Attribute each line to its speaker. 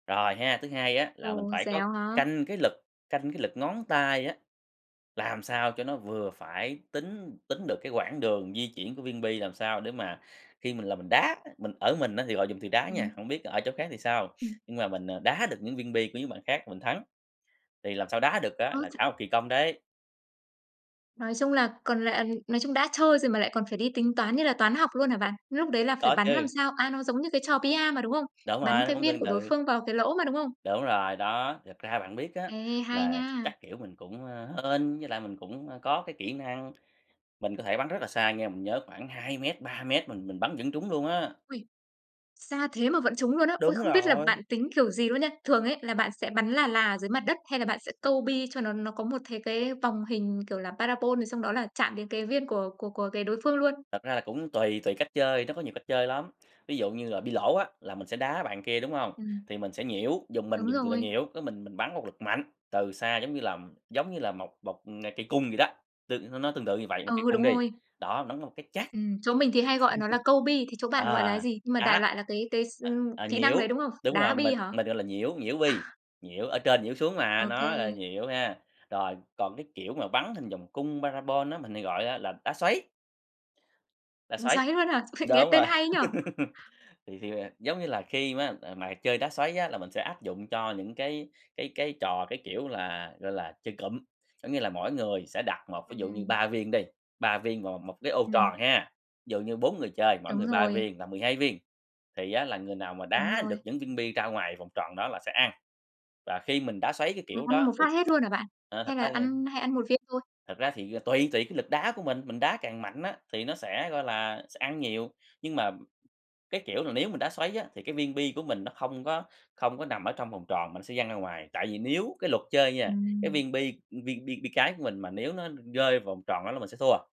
Speaker 1: Rồi ha, thứ hai á là mình
Speaker 2: Ồ,
Speaker 1: phải có
Speaker 2: dẻo hả?
Speaker 1: canh cái lực, canh cái lực ngón tay á, làm sao cho nó vừa phải. Tính tính được cái quãng đường di chuyển của viên bi, làm sao để mà khi mình là mình đá, mình ở mình á thì họ dùng từ đá nha,
Speaker 2: Ừm.
Speaker 1: hông biết ở chỗ khác thì sao,
Speaker 2: Ừm.
Speaker 1: nhưng mà mình, ờ, đá được những viên bi của những bạn khác mình thắng. Thì làm sao đá được á,
Speaker 2: Ơ,
Speaker 1: là
Speaker 2: ch
Speaker 1: cả một kỳ công đấy.
Speaker 2: Nói chung là còn lại nói chung đã chơi rồi mà lại còn phải đi tính toán như là toán học luôn hả bạn? Lúc đấy là phải
Speaker 1: Có
Speaker 2: bắn làm
Speaker 1: chứ.
Speaker 2: sao a, nó giống như cái trò bi-a mà, đúng không?
Speaker 1: Đúng rồi,
Speaker 2: Bắn
Speaker 1: nó
Speaker 2: cái
Speaker 1: cũng
Speaker 2: viên
Speaker 1: tương
Speaker 2: của đối
Speaker 1: tự.
Speaker 2: phương vào cái lỗ mà, đúng không?
Speaker 1: Đúng rồi, đó, thật ra bạn biết á,
Speaker 2: Ê, hay
Speaker 1: là
Speaker 2: nha.
Speaker 1: chắc, kiểu, mình cũng, ơ, hên, với lại mình cũng, a, có cái kỹ năng, mình có thể bắn rất là xa nha. Mình nhớ khoảng 2 mét, 3 mét mình mình bắn vẫn trúng luôn á.
Speaker 2: Uầy! Xa thế mà vẫn trúng luôn á, ôi,
Speaker 1: Đúng
Speaker 2: không biết là bạn
Speaker 1: rồi.
Speaker 2: tính kiểu gì luôn nha. Thường ấy là bạn sẽ bắn là là ở dưới mặt đất hay là bạn sẽ câu bi cho nó nó có một thế cái vòng hình, kiểu là, parabol thì xong đó là chạm đến cái viên của của của cái đối phương luôn.
Speaker 1: Thật ra là cũng tùy, tùy cách chơi, nó có nhiều cách chơi lắm, ví dụ như là bi lỗ á, là mình sẽ đá bạn kia, đúng hông?
Speaker 2: Ừm.
Speaker 1: Thì mình sẽ nhiễu, vùng mình
Speaker 2: Đúng
Speaker 1: dùng từ là
Speaker 2: rồi.
Speaker 1: nhiễu, cái mình mình bắn một lực mạnh từ xa, giống như là, giống như là, một một, à, cây cung vậy đó, tương n nó tương tự như vậy, một cây
Speaker 2: Ừ,
Speaker 1: cung
Speaker 2: đúng
Speaker 1: đi,
Speaker 2: rồi.
Speaker 1: đó, bắn một cái chát.
Speaker 2: Ừm, chỗ mình thì hay gọi nó là câu bi thế chỗ bạn gọi là
Speaker 1: Ờ,
Speaker 2: gì? Nhưng mà đại
Speaker 1: đá
Speaker 2: loại là cái cái s
Speaker 1: ờ,
Speaker 2: ừm,
Speaker 1: ờ,
Speaker 2: kỹ năng đấy,
Speaker 1: nhiễu,
Speaker 2: đúng không?
Speaker 1: đúng
Speaker 2: Đá
Speaker 1: rồi,
Speaker 2: bi
Speaker 1: mình
Speaker 2: hả?
Speaker 1: mình gọi là nhiễu, nhiễu bi, nhiễu ở trên nhiễu xuống mà, nó là
Speaker 2: OK.
Speaker 1: nhiễu ha, rồi còn cái, kiểu, mà bắn hình vòng cung parabol á, mình hay gọi á là đá xoáy. Đá
Speaker 2: Ừm,
Speaker 1: xoáy,
Speaker 2: xoáy luôn hả? Nghe
Speaker 1: đúng
Speaker 2: tên
Speaker 1: rồi.
Speaker 2: hay nhỉ?
Speaker 1: Thì thì, à, giống như là, khi ma, à, mà chơi đá xoáy á, là mình sẽ áp dụng cho những cái cái cái trò cái, kiểu là, gọi là, chơi cụm. Có nghĩa là mỗi người sẽ đặt một ví dụ như
Speaker 2: Ừm.
Speaker 1: 3 viên đi, 3 viên vào 1 cái ô
Speaker 2: Ừm.
Speaker 1: tròn ha, dụ như 4 người chơi, mỗi
Speaker 2: Đúng
Speaker 1: người 3
Speaker 2: rồi.
Speaker 1: viên là 12 viên, thì á, là người nào mà
Speaker 2: Đúng
Speaker 1: đá được
Speaker 2: rồi.
Speaker 1: những viên bi ra ngoài vòng tròn đó là sẽ ăn. Và khi mình đá xoáy, cái
Speaker 2: À,
Speaker 1: kiểu,
Speaker 2: ăn
Speaker 1: đó
Speaker 2: một
Speaker 1: thì
Speaker 2: phát hết luôn hả bạn?
Speaker 1: ờ, thật
Speaker 2: Hay là
Speaker 1: ra thì
Speaker 2: ăn hay ăn 1 viên thôi?
Speaker 1: Thật ra thì, ờ, tùy tùy cái lực đá của mình, mình đá càng mạnh á, thì nó sẽ, gọi là, sẽ ăn nhiều. Nhưng mà, cái kiểu là, nếu mình đá xoáy á, thì cái viên bi của mình nó không có không có nằm ở trong vòng tròn mà nó sẽ văng ra ngoài. Tại vì nếu cái luật chơi nha, cái
Speaker 2: Ừm.
Speaker 1: viên bi, ừm, viên bi bi cái của mình mà nếu nó rơi vòng tròn đó là mình sẽ thua.